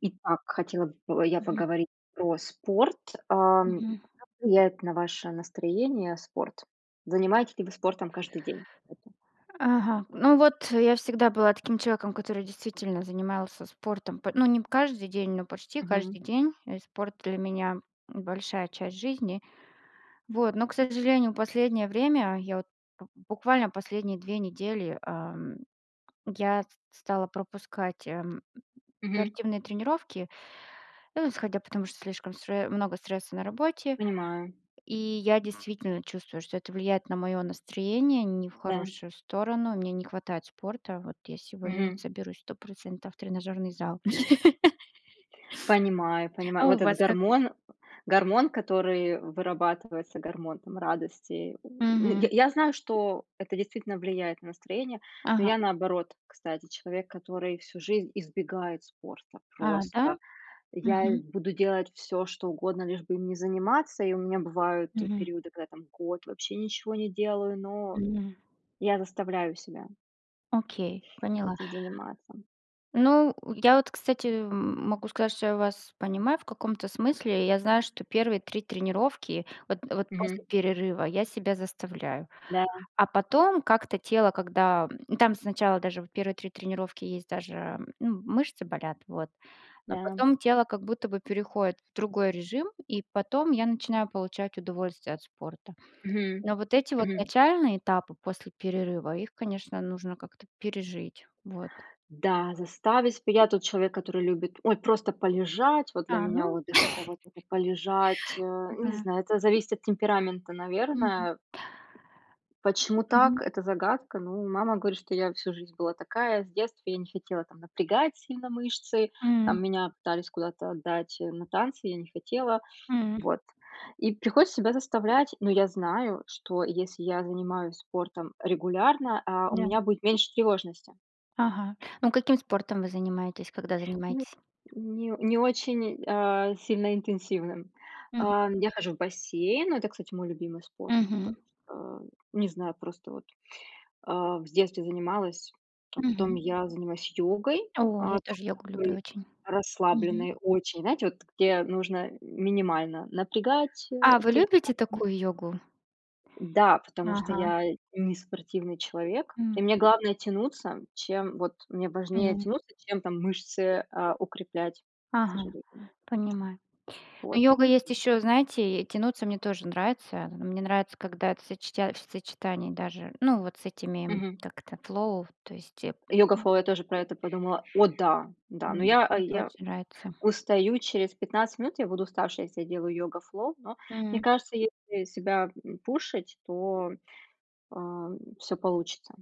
Итак, хотела бы я Мгм. поговорить про спорт. А, как Мгм. влияет на ваше настроение спорт? Занимаетесь ли вы спортом каждый день? Ага, ну, вот, я всегда была таким человеком, который действительно занимался спортом, по ну, не п каждый день, но почти Мгм. каждый день, и спорт для меня- большая часть жизни. Вот, но, к сожалению, последнее время, я, вот, б буквально последние 2 недели, э, я стала пропускать, э, Мгм. спортивные тренировки, ну, исходя, потому что слишком стре много стресса на работе. Понимаю. И я действительно чувствую, что это влияет на моё настроение, не в Да. хорошую сторону, мне не хватает спорта. Вот, я сегодня Мгм. соберусь 100 % в тренажёрный зал. Понимаю, понимаю, А у вот этот вас как? гормон, гормон, который вырабатывается, гормон, там, радости. Мгм. Й я знаю, что это действительно влияет на настроение, но Ага. я наоборот, кстати, человек, который всю жизнь избегает спорта. А, да? Просто, и я Мгм. буду делать всё, что угодно, лишь бы им не заниматься, и у меня бывают Мгм. периоды, когда, там, год вообще ничего не делаю, но Мгм. я заставляю себя Окей, поняла. этим заниматься. Ну, я вот, кстати, м могу сказать, что я вас понимаю, в каком-то смысле, я знаю, что первые 3 тренировки, вот вот Мгм. после перерыва, я себя заставляю. Да. А потом как-то тело, когда, там, сначала даже, вот, первые 3 тренировки есть даже, ну, мышцы болят, вот. Но Да. потом тело как будто бы переходит в другой режим, и потом я начинаю получать удовольствие от спорта. Мгм, Но вот эти вот мгм. начальные этапы после перерыва, их конечно нужно как-то пережить. Вот. Да, заставить, п я тот человек, который любит, ой, просто полежать, вот для А, меня ну. отдых- это, вот, это полежать, не Да. знаю, это зависит от темперамента, Мгм. наверное. Почему так- Мгм. это загадка. Ну, мама говорит, что я всю жизнь была такая, с детства я не хотела, там, напрягать сильно мышцы, М. там, меня пытались куда-то отдать, э, на танцы, я не хотела. М. Вот, и приходится себя заставлять, но я знаю, что если я занимаюсь спортом регулярно, а, у Да. меня будет меньше тревожности. Ага. Ну каким спортом вы занимаетесь, когда М, занимаетесь? не не очень, а, сильно интенсивным. Мгм. А, я хожу в бассейн, ну это, кстати, мой любимый спорт, Мгм. потом что. Не знаю, просто вот, а, в детстве занималась, а потом Мгм. я занимаюсь йогой, О, я а, тоже тоже йогу люблю такой очень. Мгм. расслабленной очень, знаете, вот где нужно минимально напрягать, э, А, вы те же самые любите мышцы. такую йогу? Да, потому что Ага. я не спортивный человек, и М. мне главное тянуться. Чем, вот, мне важнее М. тянуться, чем, там, мышцы, а, укреплять, к Ага. сожалению. Понимаю. Ну Вот, йога или есть ещё, знаете, тянуться мне тоже нравится. Мне нравится, когда это в сочетя в сочетании даже, ну, вот с этими, Мгм. как это flow, то есть, м. "Йога-флоу", я тоже про это подумала, о да, да, но М, я мне это я очень нравится. устаю через 15 минут, я буду уставшей, если я делаю "йога-флоу", но мне М. кажется, если себя, м, пушить, то, а, всё получится,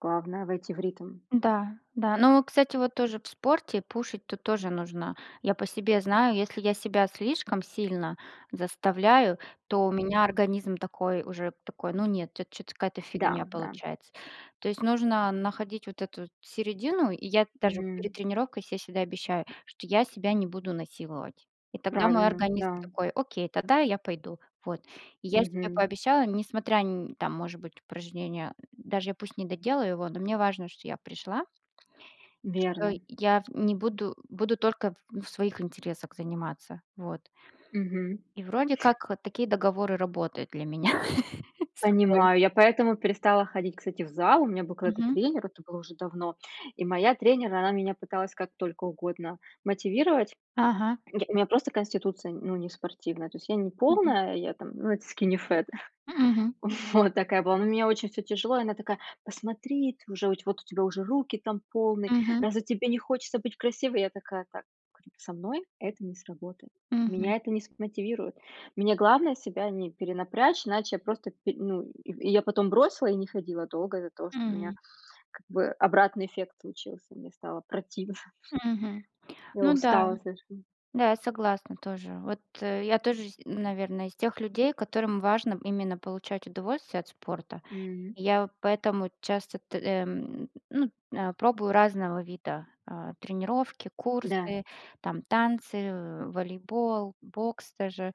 главное войти в ритм. Да, да, но, кстати, вот тоже в спорте, пушить тут тоже нужно. Я по себе знаю, если я себя слишком сильно заставляю, то у Мгм. меня организм такой уже, такой: ну нет, это чё-то какая-то Да, фигня да. получается. То есть нужно находить вот эту, вот, середину, и я даже Мгм. перед тренировкой се всегда обещаю, что я себя не буду насиловать, и тогда мой Правильно, организм да. такой: "Окей, тогда я пойду",- вот. И я себе Мгм. пообещала, несмотря нь там, может быть, упражнение, даже я пусть не доделаю его, но мне важно, что я пришла. Что Верно. я в не буду буду только в своих интересах заниматься. Вот. Мгм. И вроде как такие договоры работают для меня с собой. Понимаю, я поэтому перестала ходить, кстати, в зал, у меня был когда-то Мгм. тренер, это был уже давно, и моя тренер, она меня пыталась как только угодно мотивировать. Ага. Й у меня просто конституция, ну, не спортивная, то есть я не Мгм. полная, я там, ну это "скини фэт". М, мгм. Вот такая была, но у меня очень всё тяжело, и она такая: "Посмотри, т вот у тебя уже руки, там, полные, Мгм. разве тебе не хочется быть красивой?" Я такая: "Так,- говорю,- со мной это не сработает, Мгм. меня это не смотивирует, мне главное себя не перенапрячь, иначе я просто пи",- ну, и я потом бросила и не ходила долго из-за того, что у меня, М. как бы, обратный эффект случился, мне стало противно всё. Мгм, Я ну да, устала, скажем. да, я согласна тоже. Вот я тоже, с наверно, из тех людей, которым важно именно получать удовольствие от спорта. М. Я поэтому часто т э, ну, э, пробую разного вида, а, тренировки, Да. курсы, там, танцы, э, волейбол, бокс даже,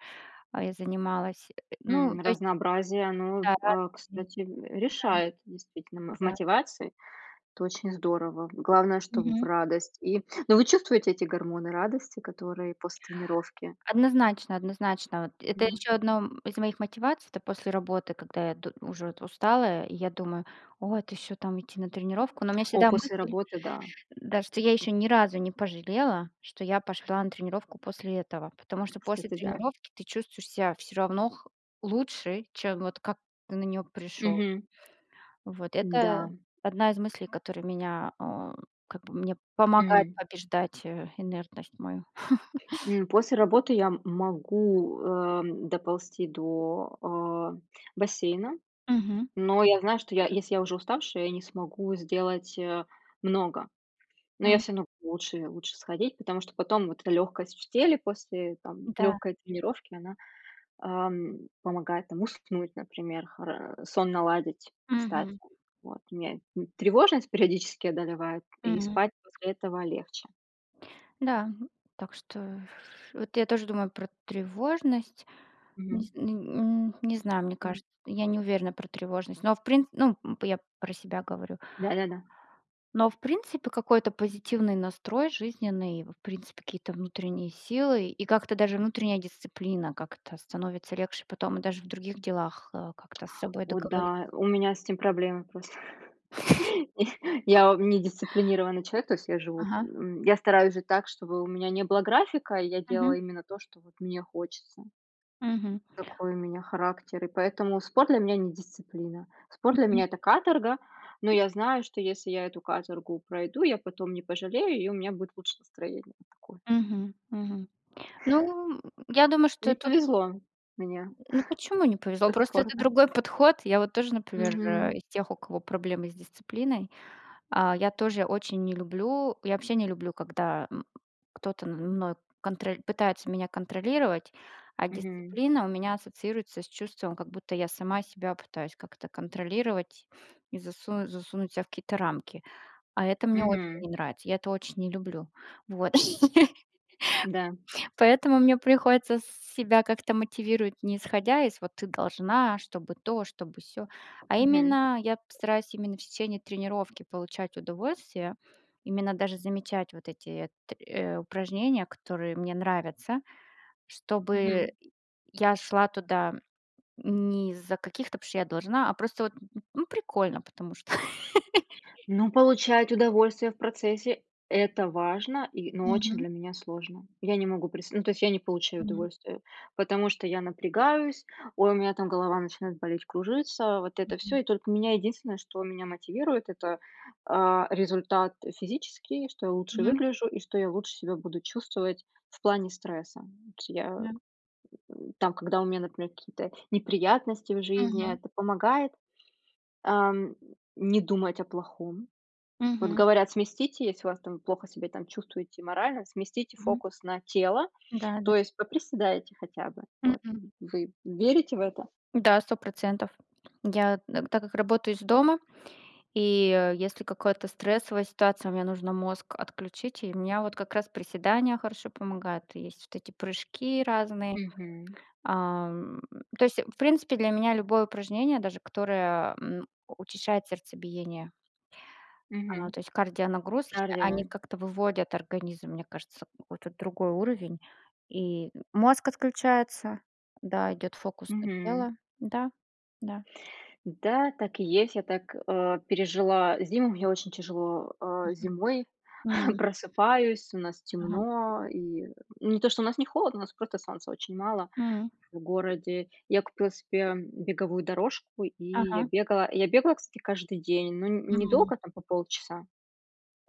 а, я занималась, ну М, то есть. разнообразие оно, Да, а, мгм, кстати, э, решает, действительно. В да, да. мотивации это очень здорово, главное, чтоб в Мгм. радость и ну вы чувствуете эти гормоны радости, которые после тренировки? Однозначно, однозначно, вот это Да. ещё одно, м, из моих мотиваций, это после работы, когда я д уже устала, и я думаю: "О, это ещё там идти на тренировку?" Но у меня О, всегда после мысль, работы да. да что я ещё ни разу не пожалела, что я пошла на тренировку после этого. Потому что после Кстати, да. тренировки ты чувствуешь ся всё равно х лучше, чем, вот, как ты на неё пришел. Мгм. Вот, это Да. одна из мыслей, который меня, э, как бы, мне помогает Мгм. побеждать инертность мою. М, после работы я, м, могу, э, доползти до, э, бассейна, Мгм. но я знаю, что я я, если я уже уставшая, я не смогу сделать, э, много, но я М. всё равно лучше лучше сходить, потому что потом вот эта лёгкость в теле после, там, Да. лёгкой тренировки, она, а, помогает, там, уснуть, например, хора сон наладить, кстати, Мгм. вот, меня т тревожность периодически одолевает, и М. спать после этого легче. Да, так что, вот, я тоже думаю про тревожность. Мгм. Низ н м, не знаю, мне Мгм. кажется, я не уверена про тревожность, но в прин ну, м, я про себя говорю. Да, да, да. Но в принципе какой-то позитивный настрой, жизненный, в принципе какие-то внутренние силы. И как-то даже внутренняя дисциплина, как-то становится легче потом, даже в других делах, а, как-то с собой О договори да, у меня с этим проблемы просто, я я ом не дисциплинированный человек, то есть я живу, Ага. м, я стараюсь жить так, чтобы у меня не было графика, и я Мгм. делаю именно то, что, вот, мне хочется. Мгм. Такой у меня характер, и поэтому спорт для меня не дисциплина, спорт для Мгм. меня это каторга, но я знаю, что если я эту каторгу пройду, я потом не пожалею, и у меня будет лучше настроение, такое. Мгм, мгм. Ну, я думаю, что Не тут. повезло мне Ну почему не повезло? со Просто это спортом. другой подход. Я, вот, тоже, например, Мгм. из тех, у кого проблемы с дисциплиной, а, я тоже очень не люблю. Я вообще не люблю, м, когда кто-то мной конроль пытается меня контролировать. А Мгм. дисциплина у меня ассоциируется с чувством, как будто я сама себя пытаюсь как-то контролировать и засунуть засунуть ся в какие-то рамки, а это мне очень Мгм. не нравится, я это очень не люблю. Вот, Да. поэтому мне приходится с себя как-то мотивировать. Не исходя из, вот, ты должна, чтобы то, чтобы сё. А Мгм. именно я постараюсь именно в течение тренировки получать удовольствие, именно даже замечать вот эти т э, упражнения, которые мне нравятся. Чтобы Мгм. я шла туда не из-за каких-то "потому что я должна", а просто, вот, ну прикольно потому что. Ну, получать удовольствие в процессе- это важно, и, ну, очень Мгм. для меня сложно. Я не могу, прис ну, то есть я не получаю Мгм. удовольствие. Потому что я напрягаюсь, ой, у меня, там, голова начинает болеть, кружиться. Вот это всё, Мгм. и только меня единственное, что меня мотивирует это, а, результат физический, что я лучше Мгм. выгляжу, и что я лучше себя буду чувствовать в плане стресса. Вот я, Да. м, там когда у меня, например, какие-то неприятности в жизни, Мгм. это помогает, а, м, не думать о плохом. Вот Мгм. говорят сместите, если у вас, там, вы плохо себя там чувствуете морально, сместите Мгм. фокус на тело, Да, да. то есть поприседайте хотя бы. Вот М-м. вы верите в это? Да, 100 %. Я, так как работаю из дома, и если какая-то стрессовая ситуация, мне нужно мозг отключить, и меня, вот, как раз приседания хорошо помогают, есть вот эти прыжки разные. Мгм. Ам, то есть в принципе для меня любое упражнение, даже которое, м, учащает сердцебиение. А, Мгм, то есть кардионагрузки, кардио, они да. как-то выводят организм, мне кажется, какой-то другой уровень, и мозг отключается, да. Идёт фокус на Мгм. тело, да, да. Да, так и есть, я так, э, пережила зиму, мне очень тяжело, а, Мгм, зимой, м. просыпаюсь, у нас Ага. темно, и, не то что у нас не холодно, у нас просто солнца очень мало М. в городе. Я купила себе беговую дорожку, и я Ага. бегала, я бегала, кстати, каждый день, но н М. недолго, там, по полчаса.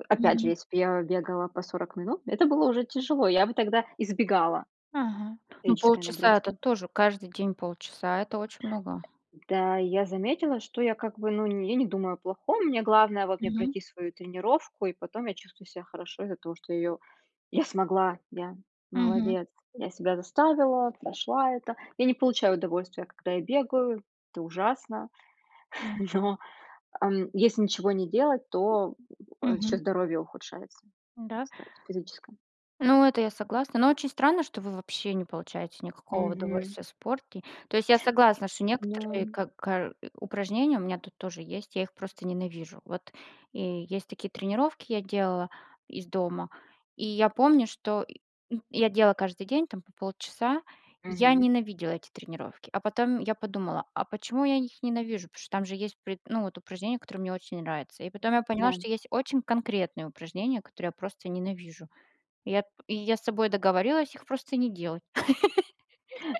Опять же, Мгм. если б я бегала по 40 минут, это было уже тяжело, я бы тогда избегала Ага, ну физической полчаса это нагрузки. тоже, каждый день полчаса это очень много. Да, я заметила, что я, как бы, ну, я не думаю о плохом, мне главное, вот, мне Мгм. пройти свою тренировку и потом я чувствую себя хорошо из-за того её, я смогла, я Мгм. молодец, я себя заставила, прошла это. Я не получаю удовольствия, когда я бегаю, это ужасно. М. Но, а, если ничего не делать, то ещё Мгм. здоровье ухудшается, Да? кстати, физическое. Ну это я согласна, но очень странно, что вы вообще не получаете никакого Мгм. удовольствия в спорте. То есть я согласна, что некоторые Да. как кар упражнения у меня, тут тоже есть, я их просто ненавижу. Вот, и есть такие тренировки, я делала из дома, и я помню, что й я делала каждый день, там, по полчаса, и я Мгм. ненавидела эти тренировки. А потом я подумала: "А почему я их ненавижу?" Потому что, там же есть при ну, вот, упражнения, которые мне очень нравятся. И потом я поняла, Да. что есть очень конкретные упражнения, которые я просто ненавижу, и я т и я с собой договорилась их просто не делать.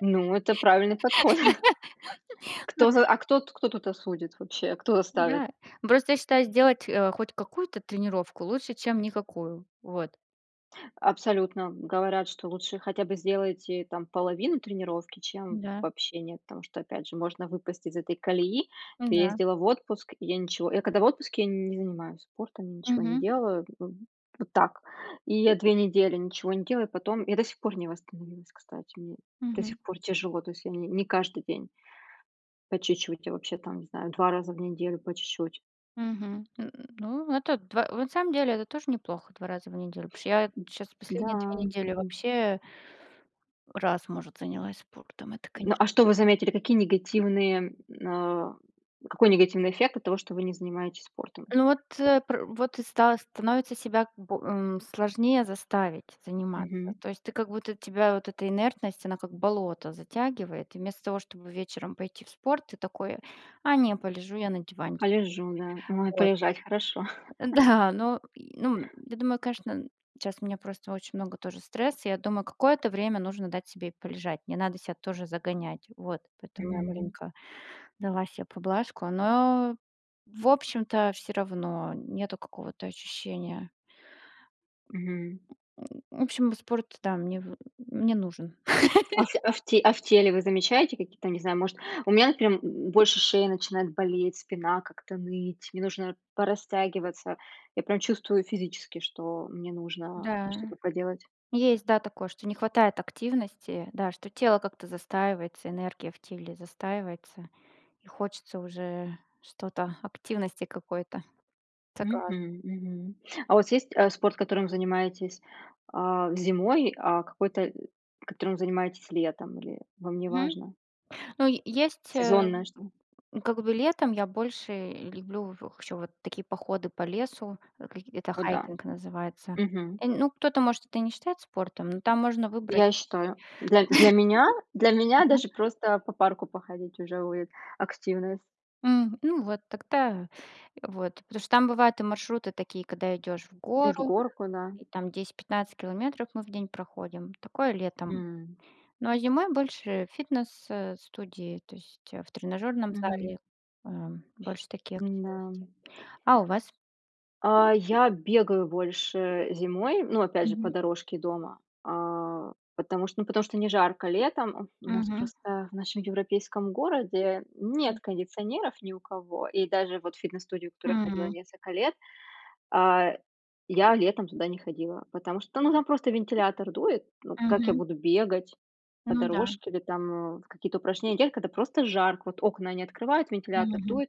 Ну, это правильный подход. Кто за, а кто тут кто тут осудит вообще, кто заставит? Да, просто я считаю сделать, э, хоть какую-то тренировку- лучше, чем никакую. Вот. Абсолютно! Говорят, что лучше хотя бы сделайте, там, половину тренировки, чем Да. вообще нет, потому что, опять же, можно выпасть из этой колеи, М, ты да. ездила в отпуск, и я ничего я когда в отпуске, я не занимаюсь спортом, ничего не Мгм. делаю, в вот так. И я 2 недели ничего не делаю, потом я до сих пор не восстановилась, кстати, мне до Мгм. сих пор тяжело, то есть я ни не каждый день. По чуть-чуть, я вообще, там, не знаю, 2 раза в неделю по чуть-чуть. Мгм, н ну это 2. Вот на самом деле это тоже неплохо, 2 раза в неделю, потому что я щас Да, последние 2 недели м. вообще раз, может, занялась спортом, это Ну, а конечно что вы заметили, какие негативные, а, какой негативный эффект от того, что вы не занимаетесь спортом? Ну, вот, э, пр вот и стало становится себя б э, сложнее заставить заниматься, Мгм. то есть ты как будто, тебя вот эта инертность, она как болото затягивает. И вместо того, чтобы вечером пойти в спорт, ты такой: "А, не, полежу я на диванчике". Полежу, да, ой Вот. полежать хорошо. Да но й ну, я думаю, конечно, щас у меня просто очень много тоже стресса, я думаю, какое-то время нужно дать себе и полежать, не надо ся тоже загонять. Вот, поэтому я Мгм. маленько, дала се поблажку, но в общем-то всё равно, нету какого-то ощущения. Мгм. В общем, спорт, да, мне в, м, мне нужен. А ф а в те а в теле вы замечаете какие-то, не знаю, может. У меня, например, больше шея начинает болеть, спина как-то ныть, мне нужно порастягиваться, я прям чувствую физически, что мне нужно Да, что-то поделать. есть, да, такое, что не хватает активности, да что тело как-то застаивается, энергия в теле застаивается, и хочется уже что-то, активности какой-то. Согласна. Мгм, мгм. А у вас есть, э, спорт, которым занимаетесь, а, зимой, а какой-то, которым занимаетесь летом, или вам не Мгм, важно? ну есть, э, Сезонное что-то. как бы летом, я больше люблю в ещё вот такие походы по лесу, в это О да, хайкинг называется. мгм. Э, н ну кто-то может это не считает спортом, но там можно выбрать. Я считаю, для для меня, для меня Ага. даже просто по парку походить, уже будет активность. М, ну вот, тогда, вот, потому что там бывают и маршруты такие, когда идешь в И в гору, горку, да. и там 10-15 километров мы в день проходим, такое летом. М. Ну а зимой больше фитнес, э, студии, то есть, э, в тренажерном Мгм. зале, э, больше таких Н-да. активностей. А у вас? А, я бегаю больше зимой, ну опять же, по Мгм. дорожке дома, а, потому что, ну, потому что не жарко летом, у нас Мгм. просто в нашем европейском городе нет М. кондиционеров ни у кого, и даже, вот, в фитнес-студию, в которую я ходила М. несколько лет. А, я летом туда не ходила, потому что та ну, там просто вентилятор дует, ну как я Мгм. буду бегать по Ну да. дорожке или там, э, в какие-то упражнения делать, когда просто жарко, вот окна они открывают, вентилятор Мгм. дует,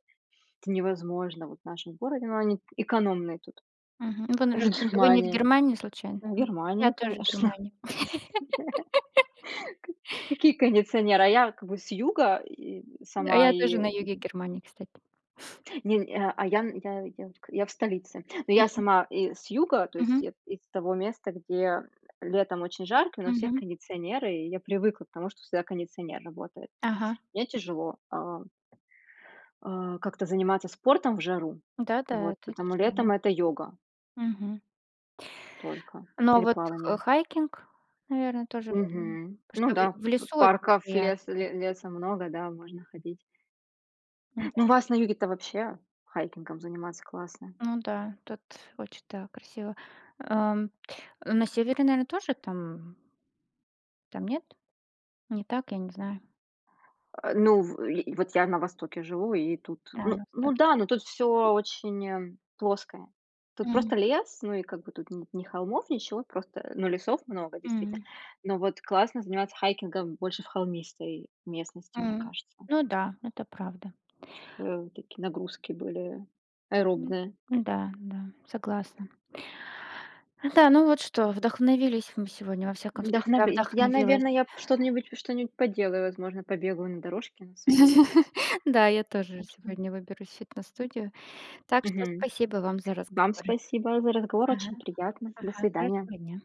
это невозможно вот в нашем городе, но они т экономные тут, Мгм. Ну вы в наверно где-то, вы не в Германии, Германии случайно? в М, я Германии тоже в конечно. Германии. К какие кондиционеры, а я как бы с юга и А сама, я и тоже на юге Германии, кстати. Нень а а, я нь я я к, я в столице, ну я Мгм. сама из юга, то есть Мгм. я из того места, где летом очень жарко, но у всех Мгм. кондиционеры, и я привыкла к тому, что всегда кондиционер работает. Ага. Мне тяжело, а. А, как-то заниматься спортом в жару, Да, да, вот, это потому тяжело. летом это йога Мгм. только. Но Или вот х плавание. хайкинг, наверно тоже верно, Мгм, ну потому да, что в в п лесу очень парков, леса приятно. ле леса много, да можно ходить. М, Ну у да. вас на юге-то вообще, хайкингом заниматься классно. Ну да, тут очень, да, красиво. А, на севере наверно тоже там Там нет? Не так, я не знаю. Э, ну в, и, вот, я на востоке живу, и тут, Да, у ну нас так. ну да, ну тут всё очень плоское. Тут М. просто лес, ну, и как бы тут нет ни холмов, ничего, просто, ну, лесов много действительно. М. Но, вот, классно заниматься хайкингом больше в холмистой местности, мне М, кажется. ну да, ну это правда. Чтобы, такие, нагрузки были, аэробные. Да, да, согласна. Да, ну вот что, вдохновились мы сегодня, во всяком Да, случае, я наве я вдохновилась. наверно, я б что-нибудь, что-нибудь поделаю, возможно побегаю на дорожке на своей. Да, я тоже Так что. сегодня выберусь в фитнес-студию, так что Мгм, спасибо вам за вам разговор. спасибо за разговор, Ага, очень приятно. До ага, свидания! хорошего дня.